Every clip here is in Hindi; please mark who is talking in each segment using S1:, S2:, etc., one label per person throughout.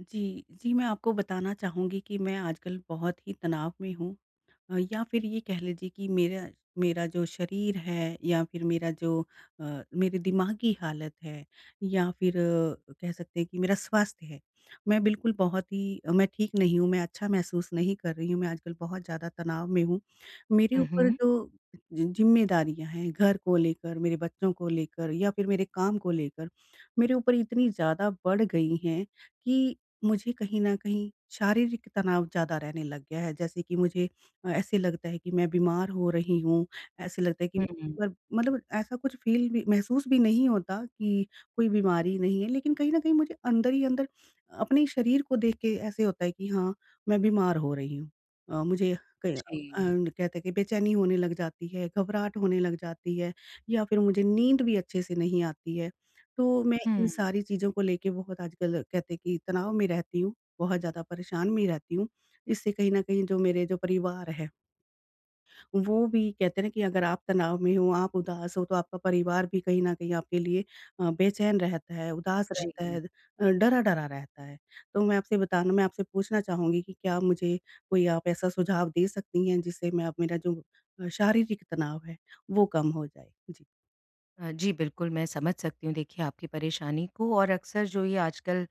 S1: जी, जी, मैं आपको बताना चाहूँगी कि मैं आजकल बहुत ही तनाव में हूँ। अ, या फिर ये कह लीजिए कि मेरा मेरा जो शरीर है या फिर मेरा जो अ, मेरे दिमागी हालत है या फिर कह सकते हैं कि मेरा स्वास्थ्य है, मैं बिल्कुल बहुत ही मैं ठीक नहीं हूँ, मैं अच्छा महसूस नहीं कर रही हूँ, मैं आजकल बहुत ज़्यादा तनाव में हूँ। मेरे
S2: हुँ,
S1: ऊपर
S2: हुँ।
S1: जो जि जिम्मेदारियाँ हैं घर को लेकर, मेरे बच्चों को लेकर या फिर मेरे काम को लेकर मेरे ऊपर इतनी ज़्यादा बढ़ गई हैं कि, मुझे कहीं न कहीं शारीरिक तनाव ज़्यादा रहने लग गया है जैसे कि मुझे अ, ऐसे लगता है कि मैं बीमार हो रही हूँ। ऐसे लगता है कि
S2: हुँ, हुँ।
S1: वर मतलब ऐसा कुछ फील भी महसूस भी नहीं होता कि कोई बीमारी नहीं है लेकिन कहीं न नहीं मुझे अंदर ही अंदर अपने शरीर को देख के ऐसा होता है कि हाँ, मैं बीमार हो रही हूँ। अ, मुझे क
S2: जी।
S1: एंड कहते हैं कि बेचैनी होने लग जाती है, घबराहट होने लग जाती है या फिर मुझे नींद भी अच्छे से नहीं आती है। तो मैं इन
S2: हुँ।
S1: सारी चीज़ों को लेके बहुत आजकल कहते हैं कि तनाव में रहती हूँ, बहुत ज़्यादा परेशान मी रहती हूँ। इससे कहीं न कहीं जो मेरे जो परिवार है वो भी कहते हैं कि अगर आप तनाव में हो आप उदास हो तो आपका परिवार भी कहीं न कहीं आपके लिए अ, बेचैन रहता है, उदास रहता
S2: जी।
S1: है, डरा-डरा रहता है। तो मैं आपसे बताना मैं आपसे पूछना चाहूँगी कि क्या मुझे कोई आप ऐसा सुझाव दे सकती हैं जिससे मैं अ मेरा जो शारीरिक तनाव है वो कम हो जाए? जी।
S2: अ, जी बिल्कुल मैं समझ सकती हूँ देखिए आपकी परेशानी को और अक्सर जो ये आजकल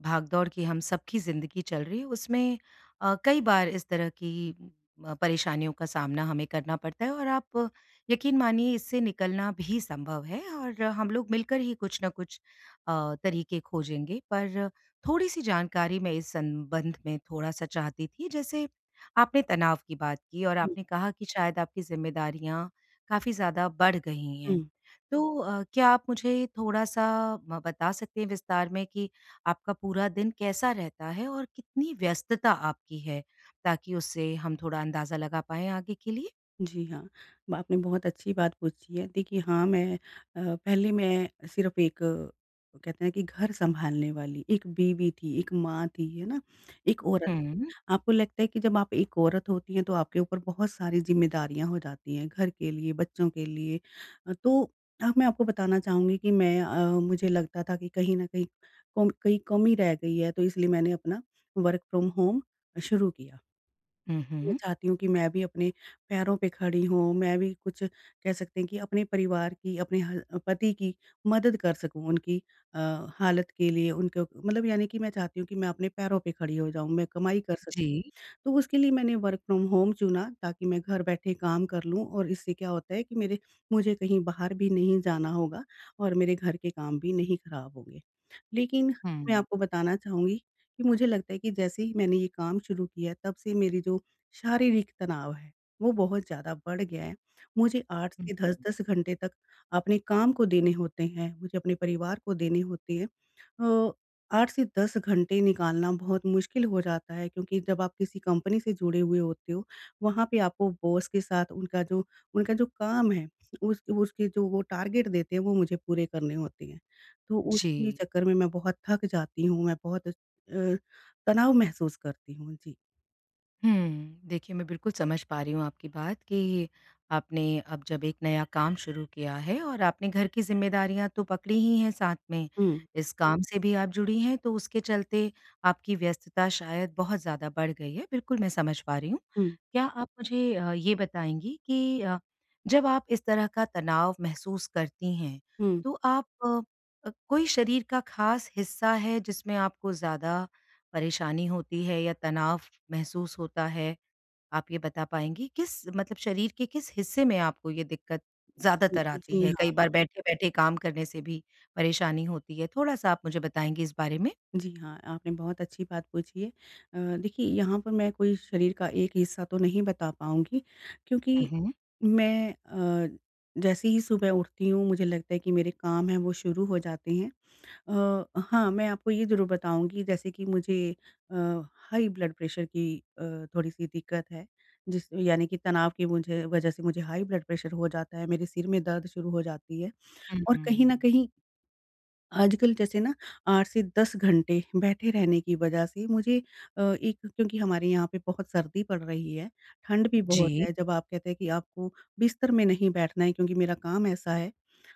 S2: भागदौड़ की हम सबकी ज़िंदगी चल रही उसमें अ, कई बार इस तरह की अ, परेशानियों का सामना हमें करना पड़ता है। और आप यकीन मानिए इससे निकलना भी संभव है और हम लोग मिलकर ही कुछ न कुछ अ, तरीके खोजेंगे पर थोड़ी-सी जानकारी मैं इस संबंध में थोड़ा-सा चाहती थी। जैसे आपने तनाव की बात की और आपने कहा कि शायद आपकी ज़िम्मेदारियाँ काफ़ी ज़्यादा बढ़ गई हैं।
S1: हुँ।
S2: तो अ, क्या आप मुझे थोड़ा-सा ब बता सकते हैं विस्तार में कि आपका पूरा दिन कैसा रहता है और कितनी व्यस्तता आपकी है? ताकि उससे हम थोड़ा अंदाज़ा लगा पाएँ आगे के लिए।
S1: जी हाँ आपने बहुत अच्छी बात पूछी है। देखिए हाँ मैं अ, पहले मैं सिर्फ़ एक, कहते हैं कि घर सँभालने वाली एक बीवी थी, एक माँ थी, है ना? एक औरत
S2: हुँ।
S1: थी। आपको लगता है कि जब आप एक औरत होती हैं, तो आपके ऊपर बहुत सारी ज़िम्मेदारियाँ हो जाती हैं घर के लिए बच्चों के लिए तो मैं आपको बताना चाहूँगी कि मैं अ, मुझे लगता था कि कहीं न कहीं कों कहीं कमी रह गई है तो इसलिए मैंने अपना वर्क फ़्रॉम होम शुरू किया।
S2: हुँ,
S1: मैं
S2: हुँ।
S1: चाहती हूँ कि मैं भी अपने पैरों पे खड़ी हूँ। मैं भी कुछ कह सकते हैं कि अपने परिवार की अपने ह पति की मदद कर सकूँ उनकी अ, हालत के लिए उनके मतलब यानी कि मैं चाहती हूँ कि मैं अपने पैरों पे खड़ी हो जाऊँ, मैं कमाई कर सकूँ।
S2: जी।
S1: तो उसके लिए मैंने वर्क फ़्रॉम होम चुना ताकि मैं घर बैठे काम कर लूँ और इससे क्या होता है कि मेरे मुझे कहीं बाहर भी नहीं जाना होगा और मेरे घर के काम भी नहीं खराब होंगे। लेकिन मैं
S2: हुँ।
S1: आपको बताना चाहूँगी कि मुझे लगता है कि जैसे ही मैंने ये काम शुरू किया, तब से मेरी जो शारीरिक तनाव है वो बहुत ज़्यादा बढ़ गया है। मुझे 8 से
S2: हुँ।
S1: 10-10 घंटे तक अपने काम को देने होते हैं, मुझे अपने परिवार को देने होते हैं। अ, 8 से 10 घंटे निकालना बहुत मुश्किल हो जाता है, क्योंकि जब आप किसी कंपनी से जुड़े हुए होते हो, वहाँ पे आपको बॉस के साथ उनका जो उनका जो काम है, उस उसके जो वो टारगेट देते हैं वो मुझे पूरे करने होते हैं। तो उन्ही
S2: जी।
S1: चक्कर में मैं बहुत थक जाती हूँ, मैं बहुत अ स अ, तनाव महसूस करती हूँ। जी।
S2: हुँ, देखिए मैं बिल्कुल समझ पा रही हूँ आपकी बात, कि आपने अब जब एक नया काम शुरू किया है और आपने घर की ज़िम्मेदारियाँ तो पकड़ी ही हैं साथ में,
S1: हुँ।
S2: इस काम से भी आप जुड़ी हैं, तो उसके चलते आपकी व्यस्तता शायद बहुत ज़्यादा बढ़ गई है। बिल्कुल मैं समझ पा रही हूँ।
S1: हुँ।
S2: क्या आप मुझे अ, ये बताएँगी कि अ, जब आप इस तरह का तनाव महसूस करती हैं,
S1: हुँ।
S2: तो आप अ अ, कोई शरीर का ख़ास हिस्सा है जिसमें आपको ज़्यादा, परेशानी होती है या तनाव महसूस होता है, आप ये बता पाएँगी? किस मतलब शरीर के किस हिस्से में आपको ये दिक्कत,
S1: उ।
S2: ज़्यादातर आती
S1: जी,
S2: है?
S1: हाँ।
S2: कई बार बैठे-बैठे काम करने से भी परेशानी होती है। थोड़ा-सा आप मुझे बताएँगी इस बारे में?
S1: जी, हाँ। आपने बहुत अच्छी बात पूछी है। अ, देखिए यहाँ पे मैं कोई शरीर का एक हिस्सा तो नहीं बता पाऊँगी,
S2: उ,
S1: क्योंकि
S2: हुँ।
S1: मैं अ, जैसे ही सुबह उठती हूँ, मुझे लगता है कि मेरे काम है वो शुरू हो जाते हैं। अ, हाँ, मैं आपको ये ज़रूर बताऊँगी जैसे कि मुझे अ, हाई ब्लड प्रेशर की अ, थोड़ी-सी दिक्कत है। जिस यानी कि तनाव की मुझे वज़ह से मुझे हाई ब्लड प्रेशर हो जाता है। मेरे सिर में दर्द शुरू हो जाती है
S2: हुँ,
S1: और कहीं न
S2: हुँ।
S1: कहीं आजकल जैसे ना 8 से 10 घंटे बैठे रहने की वज़ह से मुझे अ एक क्योंकि हमारे यहाँ पे बहुत सर्दी पड़ रही है, ठंड भी बहुत
S2: जी।
S1: है। जब आप कहते हैं कि आपको, बिस्तर में नहीं बैठना है, क्योंकि मेरा काम ऐसा है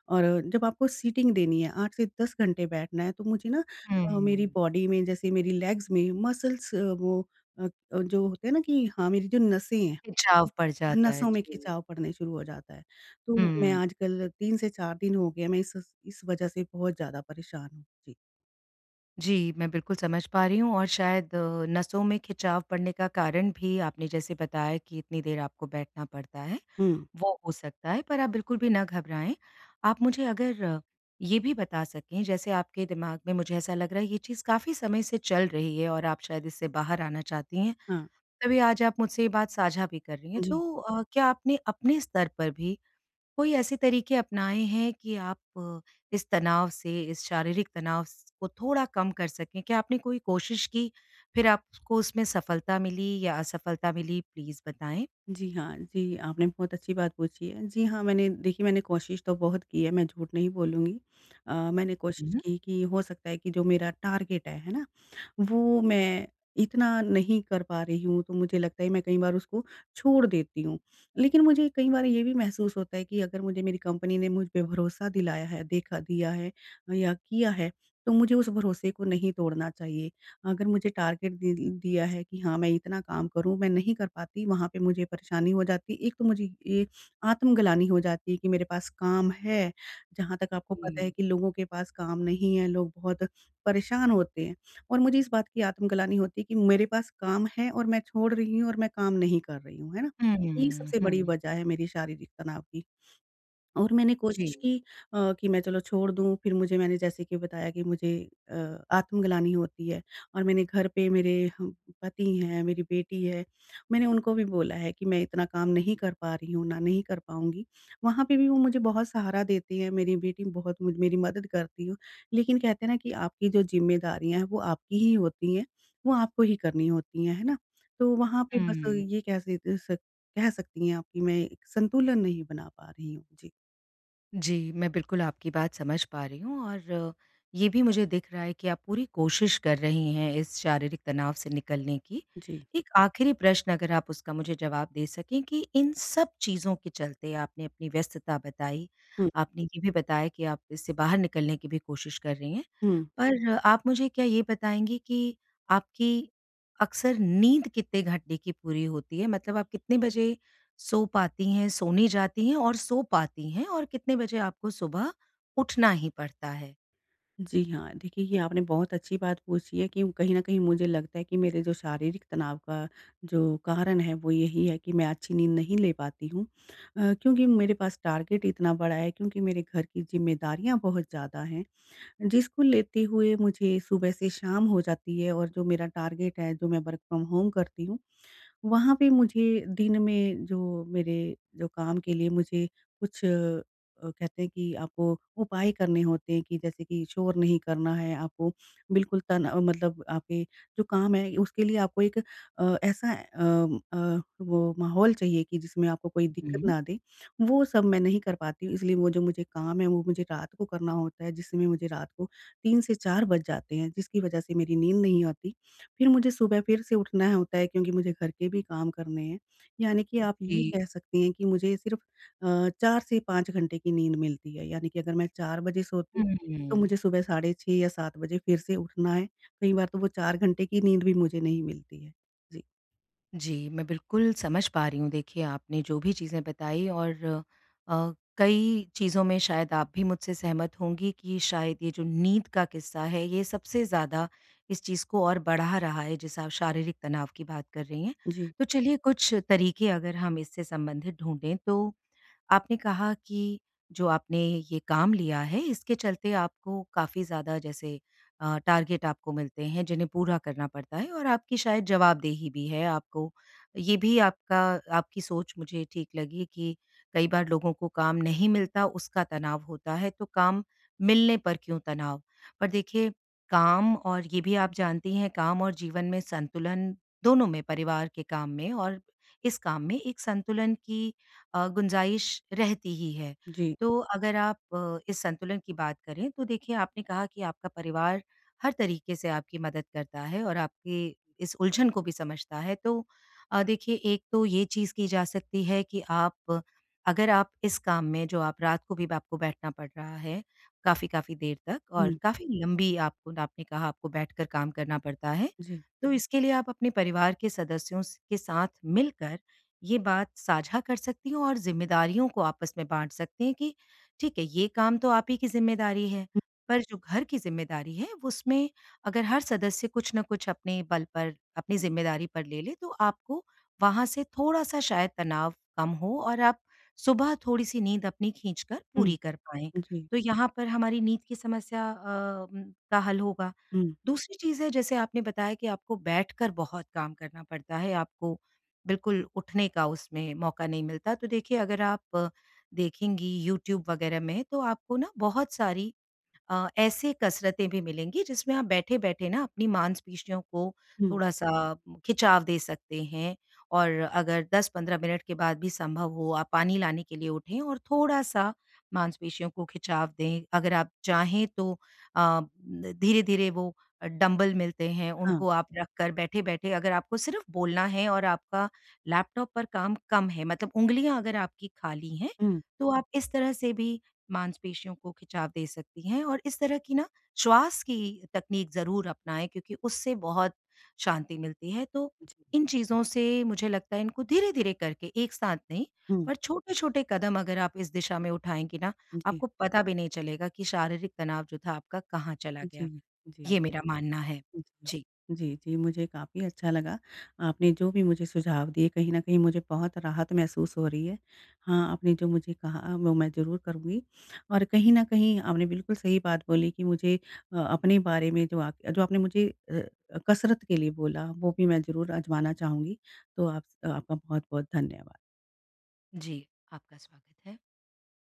S1: और जब आपको सीटिंग देनी है 8 से 10 घंटे बैठना है, तो मुझे ना
S2: हुँ,
S1: अ, मेरी
S2: हुँ।
S1: बॉडी में, जैसे मेरी लेग्स में मसल्स अ, वो अ अ, जो होते हैं ना कि हाँ, मेरी जो नसें हैं।
S2: खिचाव पड़ जाता है।
S1: नसों में
S2: जी।
S1: खिंचाव पड़ने शुरू हो जाता है। तो मैं
S2: हुँ।
S1: आजकल 3 से 4 दिन हो गए हैं, मैं इस इस, वज़ह से बहुत ज़्यादा परेशान हूँ। जी।
S2: जी। मैं बिल्कुल समझ पा रही हूँ और शायद अ, नसों में खिंचाव पड़ने का कारण भी आपने जैसे बताया कि इतनी देर आपको बैठना पड़ता है
S1: हुँ।
S2: वो हो सकता है। पर आप बिल्कुल भी ना घबराएँ। आप मुझे अगर अ, ये भी बता सकें जैसे आपके दिमाग़ में मुझे ऐसा लग रहा है ये चीज़ काफ़ी समय से चल रही है और आप शायद इससे बाहर आना चाहती हैं,
S1: हाँ।
S2: तभी आज आप मुझसे ये बात साझा भी कर रही हैं।
S1: जी।
S2: तो अ, क्या आपने अपने स्तर पर भी कोई ऐसे तरीके अपनाए हैं कि आप अ, इस तनाव से, इस शारीरिक तनाव स को थोड़ा कम कर सकें। क्या आपने कोई कोशिश की फ़िर आपको उसमें सफलता मिली या असफलता मिली, प्लीज़ बताएँ।
S1: जी, हाँ। जी, आपने बहुत अच्छी बात पूछी है। जी, हाँ मैंने देखिए मैंने कोशिश तो बहुत की है मैं झूठ नहीं बोलूँगी। अ, मैंने कोशिश
S2: उ।
S1: की कि हो सकता है कि जो मेरा टारगेट है, है ना? वो मैं इतना नहीं कर पा रही हूँ, तो मुझे लगता है मैं कई बार उसको छोड़ देती हूँ। लेकिन मुझे कई बार ये भी महसूस होता है कि अगर मुझे मेरी कंपनी ने मुझ पे भरोसा दिलाया है, देखा दिया है या किया है तो मुझे उस भरोसे को नहीं तोड़ना चाहिए। अगर मुझे टारगेट दे दिया है कि हाँ, मैं इतना काम करूँ मैं नहीं कर पाती वहाँ पे मुझे परेशानी हो जाती। 1 तो मुझे ए आत्मग्लानि हो जाती है कि मेरे पास काम है। जहाँ तक आपको पता है
S2: जी।
S1: कि लोगों के पास काम नहीं है लोग बहुत परेशान होते हैं और मुझे इस बात की आत्मग्लानि होती है कि मेरे पास काम है और मैं छोड़ रही हूँ और मैं काम नहीं कर रही हूँ। है ना?
S2: हुँ,
S1: यही
S2: हुँ,
S1: सबसे बड़ी
S2: हुँ।
S1: वज़ह है मेरी शारीरिक तनाव की। और मैंने कोशिश
S2: जी।
S1: की अ, कि मैं चलो छोड़ दूँ फ़िर मुझे मैंने जैसे कि बताया कि मुझे अ, आत्मग्लानि होती है और मैंने घर पे मेरे ह पति हैं, मेरी बेटी है। मैंने उनको भी बोला है कि मैं इतना काम नहीं कर पा रही हूँ। ना नहीं कर पाऊँगी। वहाँ पे भी मुझे बहुत सहारा देती हैं मेरी बेटी बहुत मु मेरी मदद करती है। लेकिन कहते हैं ना कि आपकी जो ज़िम्मेदारियाँ हैं वो आपकी ही होती हैं वो आपको ही करनी होती है, है ना? तो वहाँ पे बस
S2: हुँ।
S1: ये कह स सक कह सकती हैं आप कि मैं एक संतुलन नहीं बना पा रही हूँ। जी।
S2: जी मैं बिल्कुल आपकी बात समझ पा रही हूँ और ये भी मुझे दिख रहा है कि आप पूरी कोशिश कर रही हैं इस शारीरिक तनाव से निकलने की।
S1: जी।
S2: एक आखिरी प्रश्न अगर आप उसका मुझे जवाब दे सकें कि, इन सब चीज़ों के चलते आपने अपनी व्यस्तता बताई,
S1: हुँ।
S2: आपने ये भी बताया कि आप इससे बाहर निकलने की भी कोशिश कर रही हैं।
S1: हुँ।
S2: पर आप मुझे क्या ये बताएँगी कि आपकी अक्सर नींद कितने घंटे की पूरी होती है? मतलब आप कितने बजे सो पाती हैं, सोने जाती हैं और सो पाती हैं और कितने बजे आपको सुबह उठना ही पड़ता है?
S1: जी हाँ, देखिए ये आपने बहुत अच्छी बात पूछी है कि कहीं न कहीं मुझे लगता है कि मेरे जो शारीरिक तनाव का जो कारण है वो यही है कि मैं अच्छी नींद नहीं ले पाती हूँ। अ, क्योंकि मेरे पास टारगेट इतना बड़ा है क्योंकि मेरे घर की ज़िम्मेदारियाँ बहुत ज़्यादा हैं जिस को लेते हुए मुझे सुबह से शाम हो जाती है। और जो मेरा टारगेट है, जो मैं वर्क फ़्रॉम होम करती हूँ, वहाँ पे मुझे दिन में जो मेरे जो काम के लिए मुझे कुछ अ, कहते हैं कि आपको उपाय करने होते हैं कि जैसे कि शोर नहीं करना है आपको बिल्कुल तन मतलब आपके जो काम हैं उसके लिए आपको एक अ, ऐसा अ अ, वो माहौल चाहिए कि जिसमें आपको कोई दिक्कत
S2: हुँ।
S1: ना दे, वो सब मैं नहीं कर पाती हूँ इसलिए वो जो मुझे काम है वो मुझे रात को करना होता है, जिसमें मुझे रात को 3 से 4 बज जाते हैं जिसकी वजह से मेरी नींद नहीं आती। फिर मुझे सुबह फिर से उठना होता है, क्योंकि मुझे घर के भी काम करने हैं। यानी कि आप ये कह
S2: जी।
S1: सकती हैं कि मुझे सिर्फ़ अ, 4 से 5 घंटे की नींद मिलती है। यानी कि अगर मैं 4 बजे सोती हूँ, तो
S2: हम्म।
S1: मुझे सुबह साढ़े 6 या 7 बजे फिर से उठना है। कई बार तो वो 4 घंटे की नींद भी मुझे नहीं मिलती है। जी।
S2: जी, मैं बिल्कुल समझ पा रही हूँ। देखिए आपने जो भी चीज़ें बताई और अ, कई चीज़ों में शायद आप भी मुझसे सहमत होंगी कि शायद ये जो नींद का किस्सा है ये सबसे ज़्यादा इस चीज़ को और बढ़ा रहा है जिससे आप शारीरिक तनाव की बात कर रही हैं।
S1: जी।
S2: तो चलिए कुछ तरीके अगर हम इससे संबंधित ढूँढे तो आपने कहा कि जो आपने ये काम लिया है इसके चलते आपको काफ़ी ज़्यादा जैसे अ, टारगेट आपको मिलते हैं जिन्हें पूरा करना पड़ता है और आपकी शायद जवाबदेही भी है आपको। ये भी आपका आपकी सोच मुझे ठीक लगी कि कई बार लोगों को काम नहीं मिलता उसका तनाव होता है तो काम मिलने पर क्यों तनाव? पर देखिए काम और ये भी आप जानती हैं काम और जीवन में संतुलन दोनों में परिवार के काम में और इस काम में एक संतुलन की अ, गुंजाइश रहती ही है।
S1: जी।
S2: तो अगर आप अ, इस संतुलन की बात करें तो देखिए आपने कहा कि आपका परिवार हर तरीके से आपकी मदद करता है और आपके इस उलझन को भी समझता है। तो अ, देखिए एक तो ये चीज़ की जा सकती है कि आप अगर आप इस काम में जो आप रात को भी आपको बैठना पड़ रहा है काफ़ी-काफ़ी देर तक और
S1: हुँ।
S2: काफ़ी लंबी आपको आपने कहा आपको बैठकर काम करना पड़ता है।
S1: जी।
S2: तो इसके लिए आप अपने परिवार के सदस्यों स के साथ मिलकर ये बात साझा कर सकती हैं और ज़िम्मेदारियों को आपस में बाँट सकती हैं कि ठीक है ये काम तो आप ही की ज़िम्मेदारी है।
S1: हुँ।
S2: पर जो घर की ज़िम्मेदारी है उसमें अगर हर सदस्य कुछ ना कुछ अपने बल पर अपनी ज़िम्मेदारी पर ले ले तो आपको वहाँ से थोड़ा-सा शायद तनाव कम हो और आप सुबह थोड़ी-सी नींद अपनी खींचकर
S1: हुँ।
S2: पूरी कर पाएँ।
S1: जी।
S2: तो यहाँ पर हमारी नींद की समस्या अ, का हल होगा।
S1: हुँ।
S2: दूसरी चीज़ है जैसे आपने बताया कि आपको बैठकर बहुत काम करना पड़ता है, आपको बिल्कुल उठने का उसमें मौका नहीं मिलता। तो देखिए अगर आप देखेंगी यूट्यूब वग़ैरह में तो आपको ना बहुत सारी अ, ऐसे कसरतें भी मिलेंगी जिसमें आप बैठे-बैठे ना अपनी मांसपेशियों को
S1: हुँ।
S2: थोड़ा-सा खिंचाव दे सकते हैं। और अगर 10-15 मिनट के बाद भी संभव हो आप पानी लाने के लिए उठें और थोड़ा-सा मांसपेशियों को खिंचाव दें। अगर आप चाहें तो अ, धीरे-धीरे वो डंबल मिलते हैं
S1: हाँ।
S2: उनको आप रख कर बैठे-बैठे अगर आपको सिर्फ़ बोलना है और आपका लैपटॉप पर काम कम है मतलब उँगलियाँ अगर आपकी खाली हैं,
S1: हुँ।
S2: तो आप इस तरह से भी मांसपेशियों को खिंचाव दे सकती हैं। और इस तरह की ना श्वास की तकनीक ज़रूर अपनाएँ क्योंकि उससे बहुत शांति मिलती है। तो
S1: जी।
S2: इन चीज़ों से मुझे लगता है इनको धीरे-धीरे करके एक साथ नहीं
S1: हुँ।
S2: और छोटे-छोटे कदम अगर आप इस दिशा में उठाएँगी ना
S1: जी।
S2: आपको पता भी नहीं चलेगा कि शारीरिक तनाव जो था आपका कहाँ चला
S1: जी,
S2: गया।
S1: जी।
S2: ये मेरा मानना है।
S1: हुँ, हुँ।
S2: जी।
S1: जी, जी। मुझे काफ़ी अच्छा लगा आपने जो भी मुझे सुझाव दिए। कहीं न कहीं मुझे बहुत राहत महसूस हो रही है। हाँ, आपने जो मुझे कहा वो मैं ज़रूर करूँगी। और कहीं न कहीं आपने बिल्कुल सही बात बोली कि मुझे अ, अपने बारे में जो आप जो आपने मुझे अ, कसरत के लिए बोला वो भी मैं ज़रूर आज़माना चाहूँगी। तो आप आपका बहुत-बहुत धन्यवाद।
S2: जी, आपका स्वागत है।